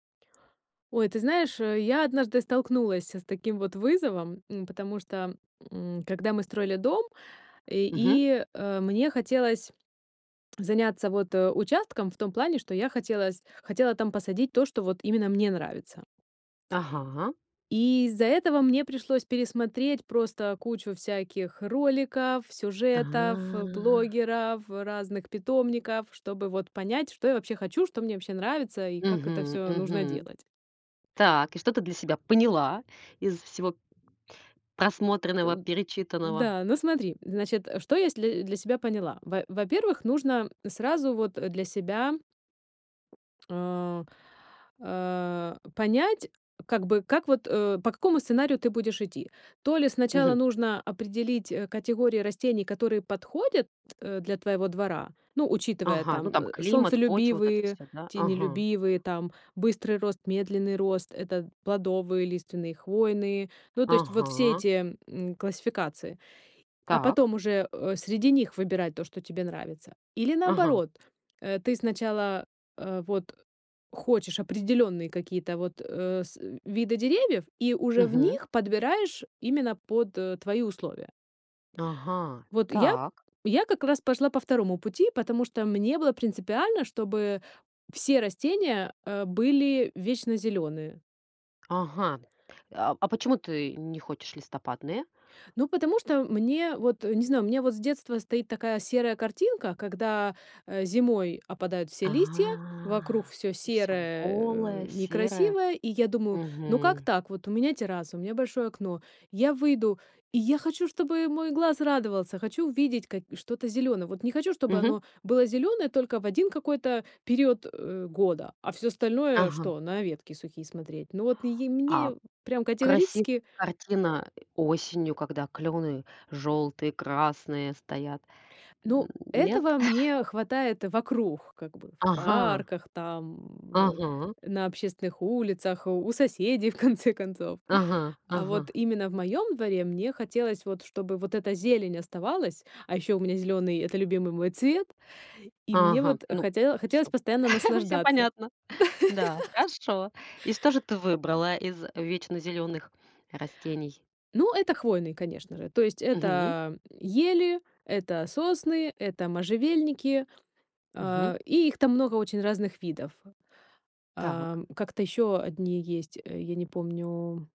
Ой, ты знаешь, э, я однажды столкнулась с таким вот вызовом, м, потому что, м, когда мы строили дом, и Мгм. и, э, мне хотелось заняться вот, э, участком в том плане, что я хотела с хотела там посадить то, что вот именно мне нравится. Ага. И из-за этого мне пришлось пересмотреть просто кучу всяких роликов, сюжетов, э, А. блогеров, разных питомников, чтобы вот понять, что я вообще хочу, что мне вообще нравится и как это Мгм всё нужно мгм. делать. Так, и что ты для себя поняла из всего просмотренного, Эн перечитанного? да, ну, смотри, значит, что если для себя поняла. Во во-первых, нужно сразу вот для себя э, э, понять, как бы, как вот, э, по какому сценарию ты будешь идти. То ли Мгм. сначала нужно определить, э, категории растений, которые подходят, э, для твоего двора, ну, учитывая Ага, ну, там, там э, климат, почва, вот это солнцелюбивые, всё, да? Ага. тенелюбивые, там, быстрый рост, медленный рост- это плодовые, лиственные, хвойные. Ну, то есть вот все Ага. эти, м, классификации, а Так. потом уже, э, среди них выбирать то, что тебе нравится. Или Ага. наоборот, э, ты сначала, а, вот хочешь определенные какие-то вот, э, с виды деревьев и уже в Мгм. них подбираешь именно под твои условия. Ага, Вот я так. я как раз пошла по 2 пути, потому что мне было принципиально, чтобы все растения, э, были вечнозеленые. Ага, а а почему ты не хочешь листопадные? Ну, потому что мне вот, не знаю, у меня вот с детства стоит такая серая картинка, когда, э, зимой опадают все А, листья, вокруг всё и всё серое, э, голое, серое. некрасивое. И я думаю: ну как Мгм. так? Вот у меня терраса, у меня большое окно, я выйду, и я хочу, чтобы мой глаз радовался! Хочу увидеть ка и что-то зелёное! Вот не хочу, чтобы Мгм. оно было зеленое только в 1 какой-то период, э, года, а всё остальное Ага. что- на ветки сухие смотреть? Ну вот и А мне прям красивая категорически картина осенью, когда клены желтые, красные стоят. Ну, Нет? этого мне хватает вокруг, как бы, в Ага. парках, там, э, Ага. на общественных улицах, у соседей, в конце концов. Ага, А вот ага. именно в моем дворе мне хотелось вот, чтобы вот эта зелень оставалась. А ещё у меня зеленый- это любимый мой цвет. И мне Ага, вот ну, хоте хотелось всё постоянно всё наслаждаться. понятно. Да, хорошо. И что же ты выбрала из вечнозеленых растений? Ну, это хвойные, конечно же. То есть Мгм. это ели, это сосны, это можжевельники, Мгм. э, и их там много очень разных видов. Так. Эм. Как-то ещё одни есть, э, я не помню